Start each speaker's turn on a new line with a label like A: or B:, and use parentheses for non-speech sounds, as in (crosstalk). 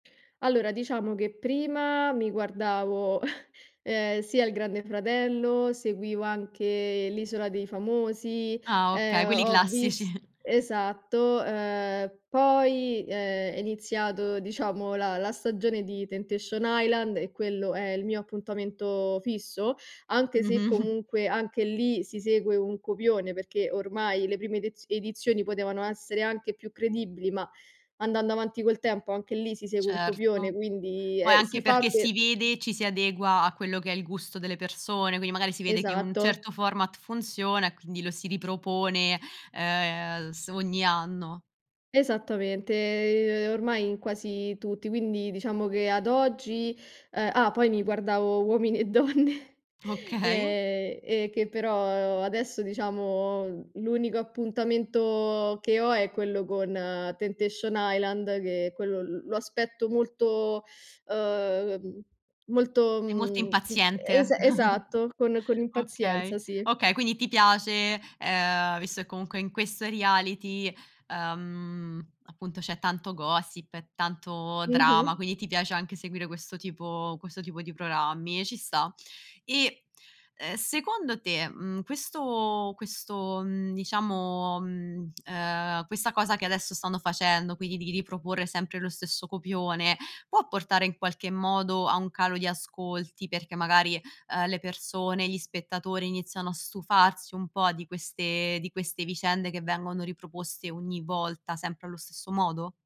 A: Allora, diciamo che prima mi guardavo, (chuckles) ehm, sia il Grande Fratello, seguivo anche L'isola dei famosi,
B: Ah, okay.
A: ehm,
B: Quelli
A: ho vis
B: classici.
A: esatto, uhm, poi è è iniziato, diciamo, la la stagione di Temptation Island e quello è il mio appuntamento fisso, anche se
B: Mh-mh.
A: comunque anche lì, si segue un copione, perché ormai le prime ediz edizioni potevano essere anche più credibili, ma andando avanti col tempo anche lì si segue un copione,
B: Certo,
A: quindi
B: poi
A: ehm, si
B: anche
A: fa
B: perché si
A: per
B: vede, ci si adegua a quello che è il gusto delle persone, quindi magari si vede che un
A: Esatto.
B: certo format funziona e quindi lo si ripropone, ehm, s ogni anno.
A: Esattamente, ormai in quasi tutti, quindi diciamo che ad oggi, uhm ah, poi mi guardavo Uomini e donne
B: Okay.
A: ehm, e che però adesso, diciamo, l'unico appuntamento che ho è quello con Temptation Island, che quello, l lo aspetto molto, (sucks teeth) uhm, molto,
B: Sei molto
A: mhmm, es
B: impaziente.
A: esatto, con
B: (chuckles)
A: con
B: Okay,
A: impazienza, sì.
B: okay, quindi ti piace, ehm, visto che comunque in questo reality, uhm, appunto c'è tanto gossip, e tanto drama,
A: Mh-mh.
B: quindi ti piace anche seguire questo tipo questo tipo di programmi e ci sta. E, uhm, secondo te, mhmm, questo questo, mhmm, diciamo, mhmm, ehm, questa cosa che adesso stanno facendo, quindi di riproporre sempre lo stesso copione, può portare in qualche modo a un calo di ascolti, perché magari, uhm, le persone, gli spettatori iniziano a stufarsi un po' di queste di queste vicende che vengono riproposte ogni volta sempre allo stesso modo?